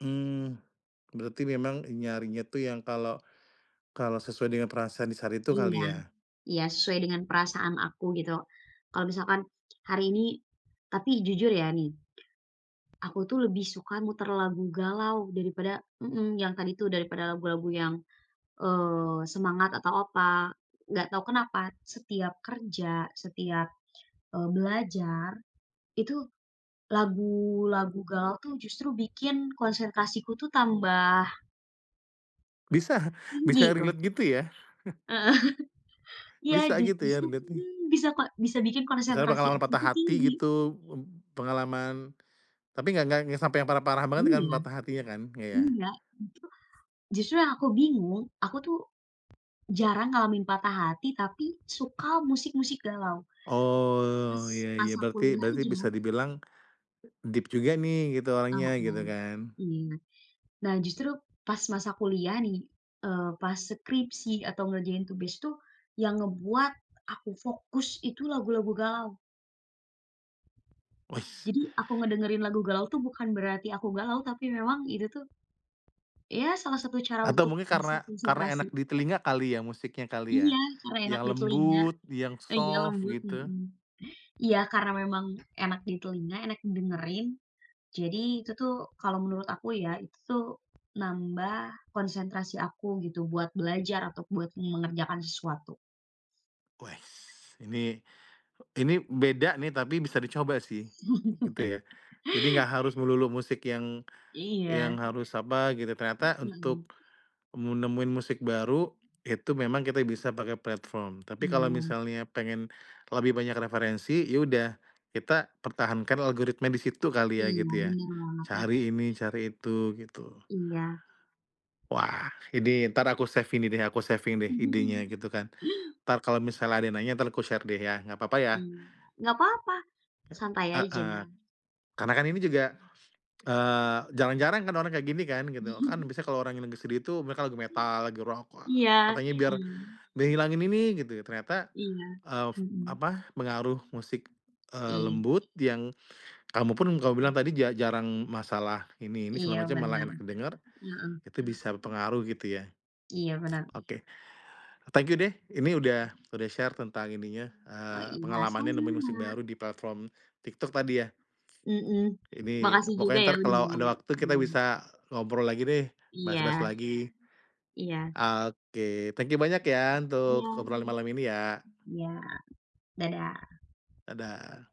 Mmm, berarti memang nyarinya tuh yang kalau, kalau sesuai dengan perasaan di saat itu Iya, kali ya? iya sesuai dengan perasaan aku gitu. Kalau misalkan hari ini, tapi jujur ya nih, aku tuh lebih suka muter lagu galau daripada mhm, yang tadi tuh daripada lagu-lagu yang, eee, semangat atau apa. Nggak tahu kenapa setiap kerja setiap, eee, belajar, itu lagu-lagu galau tuh, justru bikin konsentrasiku tuh tambah Bisa, Tinggi bisa tuh. relate gitu ya? Heeh, iya Bisa ju gitu ya justru relate-nya. bisa, mmm, bisa bikin Misalnya konsentrasi pengalaman aku patah tuh hati tinggi. gitu, eb pengalaman tapi nggak nggak nggak yang sampai yang parah-parah banget kan Iya, patah hatinya kan? Nggak ya? iya. Justru justru yang aku bingung, aku tuh jarang ngalamin patah hati tapi suka musik-musik galau. Oh ya Pas ya masa berarti kuliah berarti bisa aja. dibilang, deep juga nih gitu orangnya Heeh, gitu kan. iya. Nah, justru pas masa kuliah nih, eee, pas skripsi atau ngerjain tugas tuh, yang ngebuat aku fokus itu lagu-lagu galau. Wis. Jadi aku ngedengerin lagu galau tuh bukan berarti aku galau tapi memang itu tuh, ya salah satu cara Atau untuk mungkin bisa karena karena konsentrasi. enak di telinga kali ya musiknya kali ya? Iya karena enak Yang di telinga, lembut, yang iya soft lembut, gitu. mhm, iya karena memang enak di telinga, enak didengerin. Jadi itu tuh kalau menurut aku ya itu tuh nambah konsentrasi aku gitu buat belajar atau buat mengerjakan sesuatu. Wes ini, ini beda nih tapi bisa dicoba sih gitu ya. Jadi nggak harus melulu musik yang, yang Iya. harus apa gitu. Ternyata untuk, Mhm. mu nemuin musik baru itu memang kita bisa pakai platform. Tapi kalau Mmm. misalnya pengen, lebih banyak referensi, ya udah kita pertahankan algoritma di situ kali ya Iya gitu ya. bener banget ya. Cari ini, cari itu gitu. Iya. Wah ini entar aku save ini deh, aku saving deh idenya gitu kan. Entar kalau misalnya ada yang nanya entar aku share deh ya, nggak apa-apa ya? Iya nggak apa-apa, Ya, santai aja. heeh, karena kan ini juga, eee, jarang-jarang kan orang kayak gini kan gitu. Kan biasanya kalau orang yang lagi sedih itu mereka lagu metal, lagu rock, wah, Iya, katanya biar mmm. ngehilangin ini gitu. Ternyata, Iya, eee, mhm. apa pengaruh musik, eee, Iya. lembut yang, kamu pun kamu bilang tadi ja jarang masalah ini ini Iya segala macam malah benar, enak didengar, heeh. itu Mmm. bisa berpengaruh gitu ya. Iya bener. Oke, thank you deh ini udah udah share tentang ininya, Oh eee, iya pengalamannya nemuin musik sama-sama. baru di platform TikTok tadi ya. Mhm, Ini makasih juga pokoknya ya entar udah kalau ada ngobrol, waktu kita mhm. bisa ngobrol lagi deh, bahas-bahas Iya. lagi. Iya. Oke, thank you banyak ya, untuk Iya, obrolan malam ini ya. iya. Dadah. Dadah.